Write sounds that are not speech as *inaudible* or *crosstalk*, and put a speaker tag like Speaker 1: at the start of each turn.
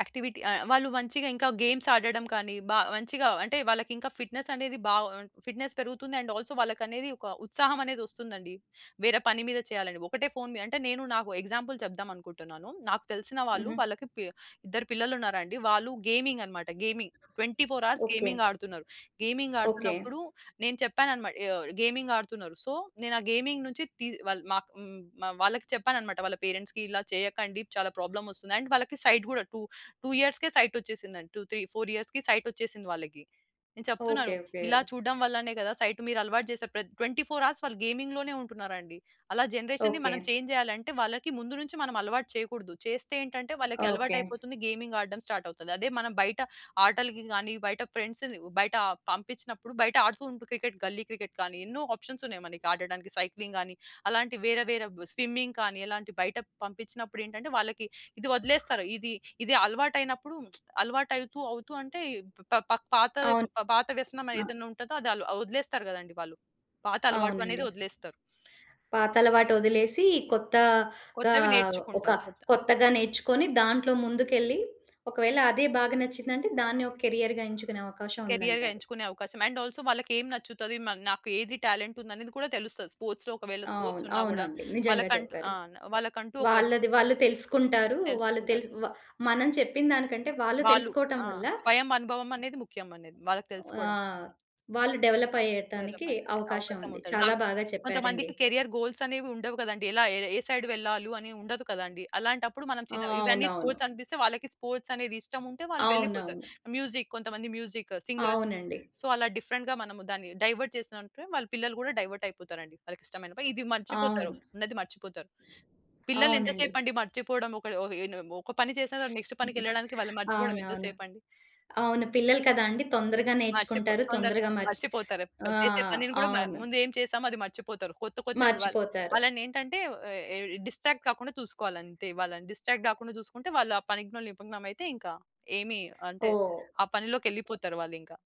Speaker 1: Activity ఆహ్, వాళ్ళు మంచిగా ఇంకా గేమ్స్ ఆడడం కానీ బా మంచిగా అంటే వాళ్ళకింకా ఫిట్‌నెస్ అనేది బాగా ఉన్ ఫిట్‌నెస్ పెరుగుతుంది. అండ్ ఆల్సో వాళ్ళకనేది ఒక ఉత్సాహమనేది ఒస్తుందండి. వేరే పని మీద చేయాలని. ఒకటే ఫోన్ మీద అంటే నేను నాకు ఎగ్జాంపుల్ చెప్దాం అనుకుంటున్నాను. నాకు తెలిసినవాళ్ళు
Speaker 2: హుహు.
Speaker 1: వాళ్ళకి పి ఇద్దరు పిల్లలున్నారండి. వాళ్ళు గేమింగన్నమాట గేమింగ్. 24:00
Speaker 2: ఓకే.
Speaker 1: గేమింగ్ ఆడుతున్నారు. Gaming
Speaker 2: okay.
Speaker 1: ఆడుతున్నప్పుడు నేను చెప్పానన్నమాట ఆహ్, గేమింగాడుతున్నారు. సో, నేను ఆ గేమింగ్ నుంచి తీ వాళ్ళ మాకు హ్మ్, మా వాళ్ళకి చెప్పానన్నమాట. వాళ్ళ పేరెంట్స్‌కి ఇలా చేయకండి. చాలా ప్రాబ్లమొస్తుంది. అండ్ వాళ్ళకి సైట్ కూడా టూ టూ ఇయర్స్‌కే సైటొచ్చేసిందండి. 2, 3, 4 సైటొచ్చేసింది వాళ్ళకి. నేను
Speaker 2: ఓకే.
Speaker 1: చెప్తున్నాను
Speaker 2: ఓకే.
Speaker 1: ఇలా చూడడం వల్లనే గదా! సైట్ మీరలవాటు జేసారు. ప్ర 24:00 హవర్స్ వాళ్ళు గేమింగులోనే ఉంటున్నారండి. అలా జనరేషన్‌ని
Speaker 2: ఓకే.
Speaker 1: మనం చేంజ్ చేయాలంటే వాళ్ళకి ముందు నుంచి మనం అలవాటు చేయకూడదు. చేస్తే ఏంటంటే వాళ్ళకి
Speaker 2: ఓకే.
Speaker 1: అలవాటయిపోతుంది. గేమింగ్ ఆడడం స్టార్ట్ అవుతది. అదే మనం బయట ఆటలకి గాని, బయట ఫ్రెండ్స్‌ని బయట పంపించినప్పుడు. బయట ఆడుతూ ఉంటే క్రికెట్ గల్లీ క్రికెట్ గానీ, ఎన్నో ఆప్షన్స్ ఉన్నాయి మనకి ఆడడానికి. సైక్లింగ్ గాని, అలాంటి వేరే, వేరే బ్ స్విమ్మింగ్ కానీ ఎలాంటి బయట పంపించినప్పుడు ఏంటంటే, వాళ్ళకి ఇది వదిలేస్తారు. ఇది ఇది అలవాటయినప్పుడు *smacks lips* అలవాటు అవుతూ, అవుతూ అంటే, పా పా పాతది పా
Speaker 2: అవును.
Speaker 1: పా పాత వ్యసనం
Speaker 2: ఆ!
Speaker 1: ఏదైనా ఉంటదో అది అవ్ వదిలేస్తారు గదండీ వాళ్ళు. పాత అలవాటనేది
Speaker 2: అవునండి.
Speaker 1: ఒదిలేస్తారు.
Speaker 2: పాత అలవాటు ఒదిలేసి, కొత్తగా
Speaker 1: కొత్తవి
Speaker 2: ఒక
Speaker 1: నేర్చుకుంటారు. కొత్త
Speaker 2: కొత్తగా నేర్చుకొని దాంట్లో ముందుకెళ్లి, ఒకవేళ అదే బాగా నచ్చిందంటే దాన్ని ఒక కెరియర్‌గా ఎంచుకునే అవకాశం
Speaker 1: కెరియర్‌గా
Speaker 2: ఉందంటారు.
Speaker 1: ఎంచుకునే అవకాశం. అండ్ ఆల్సో వాళ్ళకి ఏం నచ్చుతది. మ నాకు ఏది టాలెంటుందనేది కూడా తెలుస్తది. స్పోర్ట్స్‌లో ఒకవేళ స్పోర్ట్స్
Speaker 2: అవును.
Speaker 1: ఉన్నా గూడా
Speaker 2: అవునండి. నిజంగా
Speaker 1: వాళ్ళకంటూ
Speaker 2: చెప్పారు.
Speaker 1: ఆ! వాళ్ళకంటూ ఒకటి
Speaker 2: వాళ్ళది వాళ్ళు తెలుసుకుంటారు. వాళ్ళు
Speaker 1: తెలుసుకుంటారు.
Speaker 2: తెలుసు వ మనం చెప్పిన దానికంటే, వాళ్ళు
Speaker 1: వాళ్ళు
Speaker 2: తెలుసుకోవడం
Speaker 1: ఆ!
Speaker 2: వల్ల
Speaker 1: స్వయం అనుభవమనేది ముఖ్యమనేది వాళ్ళకి
Speaker 2: ఆ!
Speaker 1: తెలుసుకోవడం.
Speaker 2: వాళ్ళు డెవలప్ అయ్యటానికి
Speaker 1: డెవలప్‌మెంట్
Speaker 2: అవకాశం
Speaker 1: అవకాశం
Speaker 2: ఉంది.
Speaker 1: ఉంటది.
Speaker 2: చాలా
Speaker 1: నాకు
Speaker 2: బాగా చెప్పారండి.
Speaker 1: కొంతమందికి కేరియర్ గోల్సనేవి ఉండవు గదండీ! ఎలా ఏ సైడ్ వెళ్ళాలి అని ఉండదు కదండీ! అలాంటప్పుడు మనం
Speaker 2: ఆ!
Speaker 1: చిన్న ఇవన్నీ
Speaker 2: అవునవును.
Speaker 1: స్పోర్ట్స్ అనిపిస్తే, వాళ్ళకి స్పోర్ట్స్ అనేది ఇష్టముంటే వాళ్ళు వెళ్ళిపోతారు.
Speaker 2: అవునవును.
Speaker 1: మ్యూజిక్, కొంతమంది మ్యూజిక్ సింగర్స్.
Speaker 2: అవునండి.
Speaker 1: సో, అలా డిఫరెంట్‌గా మనము దాన్ని డైవర్ట్ జేసామంటే వాళ్ళ పిల్లలు గూడా డైవర్టయిపోతారండి. వాళ్ళకి ఇష్టంమైనా పని. ఇది మర్చిపోతారు.
Speaker 2: అవును.
Speaker 1: ఉన్నది మర్చిపోతారు. పిల్లలు ఎంత
Speaker 2: అవునండి.
Speaker 1: సేపండి మర్చిపోవడం ఒకళ్ళ హె ఉన ఒక పని చేసిన తర్వాత నెక్స్ట్
Speaker 2: *chuckles*
Speaker 1: పనికెళ్ళడానికి వాళ్ళు మర్చిపోవడం ఎంత
Speaker 2: అవునవును.
Speaker 1: సేపండి.
Speaker 2: అవును. పిల్లలు కదా! అండి. తొందరగా
Speaker 1: మర్చిపో
Speaker 2: నేర్చుకుంటారు.
Speaker 1: తొందరగా
Speaker 2: తొందరగా మర్చి
Speaker 1: మర్చిపోతారు. ప
Speaker 2: ఆ!
Speaker 1: చేసే పనిని గూడా మ
Speaker 2: అవును.
Speaker 1: ముందు ఏం చేసామో అది మర్చిపోతారు. కొత్త, కొత్తవి వాళ్ళ
Speaker 2: మర్చిపోతారు.
Speaker 1: వాళ్ళనేంటంటే ఏ ఏ డిస్ట్రాక్ట్ కాకుండా చూసుకోవాలంతే. వాళ్ళని డిస్ట్రాక్ట్ గాకుండా జూసుకుంటే, వాళ్ళు ఆ పనిలో నిమగ్నమైతే ఇంకా ఏమి అంటే
Speaker 2: ఓహ్!
Speaker 1: ఆ పనిలోకెళ్ళిపోతారు వాళ్ళింకా.